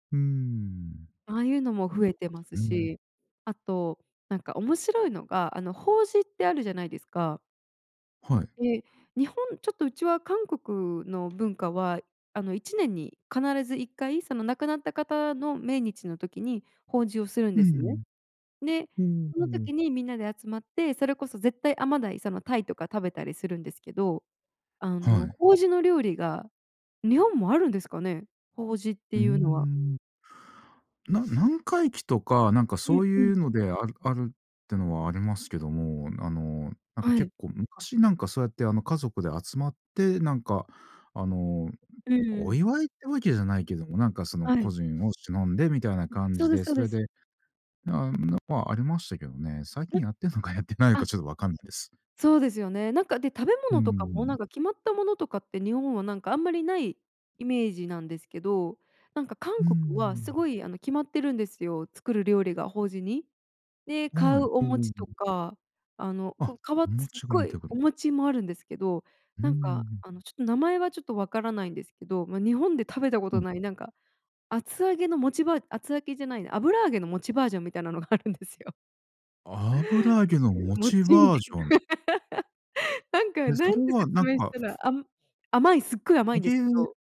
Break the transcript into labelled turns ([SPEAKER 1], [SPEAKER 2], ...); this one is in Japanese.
[SPEAKER 1] うーん。
[SPEAKER 2] ああいうのも
[SPEAKER 1] あ、
[SPEAKER 2] 増え
[SPEAKER 1] そか
[SPEAKER 2] て
[SPEAKER 1] そ
[SPEAKER 2] ます
[SPEAKER 1] うん。
[SPEAKER 2] し、あと、なんか面白いのがあの法事ってあるじゃないですか。
[SPEAKER 1] はい。
[SPEAKER 2] で、日本、ちょっとうちは韓国の文化は、あの1年に必ず一回その亡くなった方の命日の時に法事をするん
[SPEAKER 1] う
[SPEAKER 2] ですね。
[SPEAKER 1] ん。
[SPEAKER 2] で、
[SPEAKER 1] うー
[SPEAKER 2] その
[SPEAKER 1] ん。
[SPEAKER 2] 時にみんなで集まって、それこそ絶対甘鯛、その鯛とか食べたりするんですけど、あ
[SPEAKER 1] は
[SPEAKER 2] の
[SPEAKER 1] い。
[SPEAKER 2] 法事の料理が日本もあるんですかね？法事っ
[SPEAKER 1] うー
[SPEAKER 2] ていうのは。
[SPEAKER 1] ん。な何回忌とかなんか
[SPEAKER 2] う
[SPEAKER 1] そ
[SPEAKER 2] ん
[SPEAKER 1] う
[SPEAKER 2] うん。
[SPEAKER 1] いうのであるあるっていうのはありますけども、あの、なんか
[SPEAKER 2] は
[SPEAKER 1] 結
[SPEAKER 2] い。
[SPEAKER 1] 構昔、なんかそうやってあの家族で集まって、なんか、あの、
[SPEAKER 2] うんう
[SPEAKER 1] お
[SPEAKER 2] ん。
[SPEAKER 1] 祝いってわけじゃないけども、なんかその
[SPEAKER 2] は
[SPEAKER 1] 個
[SPEAKER 2] い。
[SPEAKER 1] 人を偲んでみたいな感
[SPEAKER 2] そう
[SPEAKER 1] じ
[SPEAKER 2] です
[SPEAKER 1] で、
[SPEAKER 2] そう
[SPEAKER 1] そ
[SPEAKER 2] で
[SPEAKER 1] れ
[SPEAKER 2] す。
[SPEAKER 1] でなん [unintelligible] はありましたけどね。最近
[SPEAKER 2] ん、
[SPEAKER 1] やってんのかやってないの
[SPEAKER 2] あ
[SPEAKER 1] かちょっとわかんないです。
[SPEAKER 2] そうですよね。なんか、で、食べ
[SPEAKER 1] うー
[SPEAKER 2] 物とかも
[SPEAKER 1] ん。
[SPEAKER 2] なんか決まったものとかって日本はなんかあんまりないイメージなんですけど、なんか
[SPEAKER 1] う
[SPEAKER 2] 韓
[SPEAKER 1] ー
[SPEAKER 2] 国はす
[SPEAKER 1] ん。
[SPEAKER 2] ごい、あの、決まってるんですよ、作る料理が、法事に。で、買
[SPEAKER 1] は
[SPEAKER 2] うお
[SPEAKER 1] い。うんうん
[SPEAKER 2] 餅
[SPEAKER 1] う
[SPEAKER 2] と
[SPEAKER 1] ん。
[SPEAKER 2] か、あの、こ
[SPEAKER 1] あ、
[SPEAKER 2] うか
[SPEAKER 1] お
[SPEAKER 2] わすっ
[SPEAKER 1] 餅が
[SPEAKER 2] ご
[SPEAKER 1] 似て
[SPEAKER 2] い
[SPEAKER 1] く
[SPEAKER 2] お
[SPEAKER 1] る。
[SPEAKER 2] 餅もあるんですけど、
[SPEAKER 1] う
[SPEAKER 2] なんか
[SPEAKER 1] ん。
[SPEAKER 2] あのちょっと名前はちょっとわからないんですけど、ま、日本で食べたこ
[SPEAKER 1] うん。
[SPEAKER 2] とないなんか厚揚げの餅バー厚揚げじゃないな、油揚げの餅バージョンみたいなのがあるんですよ。
[SPEAKER 1] 油揚げの餅
[SPEAKER 2] 餅み
[SPEAKER 1] バー
[SPEAKER 2] た
[SPEAKER 1] ジョン。
[SPEAKER 2] いな。なんか
[SPEAKER 1] で、そ
[SPEAKER 2] 何
[SPEAKER 1] れ
[SPEAKER 2] て
[SPEAKER 1] は
[SPEAKER 2] 説
[SPEAKER 1] なん
[SPEAKER 2] 明し
[SPEAKER 1] か
[SPEAKER 2] たら、あ甘い、すっごい甘いんですけ
[SPEAKER 1] 餅
[SPEAKER 2] ど